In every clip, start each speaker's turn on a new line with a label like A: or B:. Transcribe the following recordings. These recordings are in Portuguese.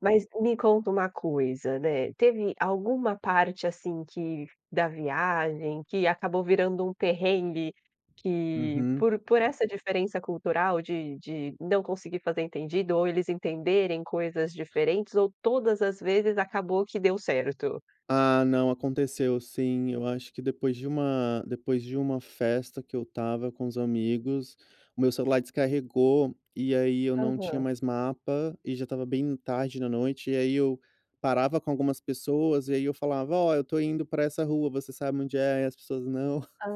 A: Mas me conta uma coisa, né. Teve alguma parte assim que da viagem, que acabou virando um perrengue, que
B: Uhum.
A: por por essa diferença cultural de de não conseguir fazer entendido ou eles entenderem coisas diferentes ou todas as vezes acabou que deu certo?
B: Ah não, aconteceu sim, eu acho que depois de uma depois de uma festa que eu estava com os amigos, o meu celular descarregou, e aí eu não tinha
A: Aham.
B: mais mapa, e já estava bem tarde da noite, e aí eu parava com algumas pessoas, e aí eu falava: "Ó, eu estou indo para essa rua, você sabe onde é?" E as pessoas: "Não."
A: Hã.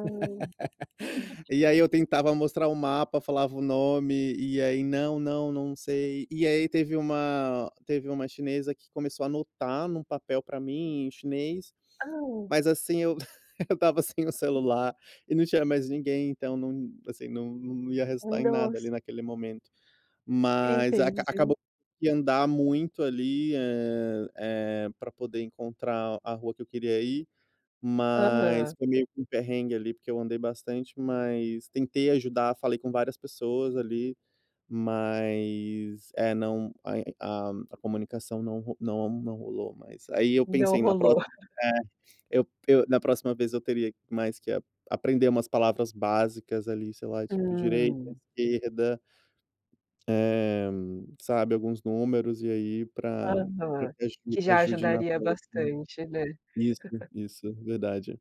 B: E aí eu tentava mostrar o mapa, falava o nome, e aí: "Não, não, não sei." E aí teve uma teve uma chinesa que começou a anotar em um papel para mim em chinês,
A: Hã.
B: mas assim eu eu estava sem o celular e não tinha mais ninguém, então, não, assim não não ia
A: Um
B: resultar em nada
A: dos
B: ali naquele momento. Mas aca
A: Entendi.
B: acabou que andar muito ali, eh eh, para poder encontrar a rua que eu queria ir, mas
A: Aham.
B: foi meio que um perrengue ali, porque eu andei bastante, mas tentei ajudar, falei com várias pessoas ali, mas é não a a comunicação não ro não não rolou. Mas aí eu
A: Não
B: pensei: "Na próxima",
A: rolou.
B: né, eu eu "na próxima vez eu teria mais que aprender umas palavras básicas ali, sei lá, tipo direita,
A: Hum.
B: esquerda." Eh, sabe alguns números e aí para para
A: Aham,
B: que aju
A: que já
B: ajude na
A: ajudaria
B: rua assim,
A: bastante, né.
B: isso, isso verdade,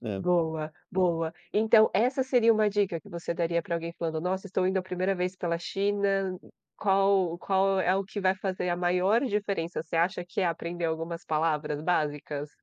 B: é.
A: Boa, boa. Então essa seria uma dica que você daria para alguém falando: "Nossa, estou indo a primeira vez pela China." Qual qual é o que vai fazer a maior diferença? Você acha que é aprender algumas palavras básicas?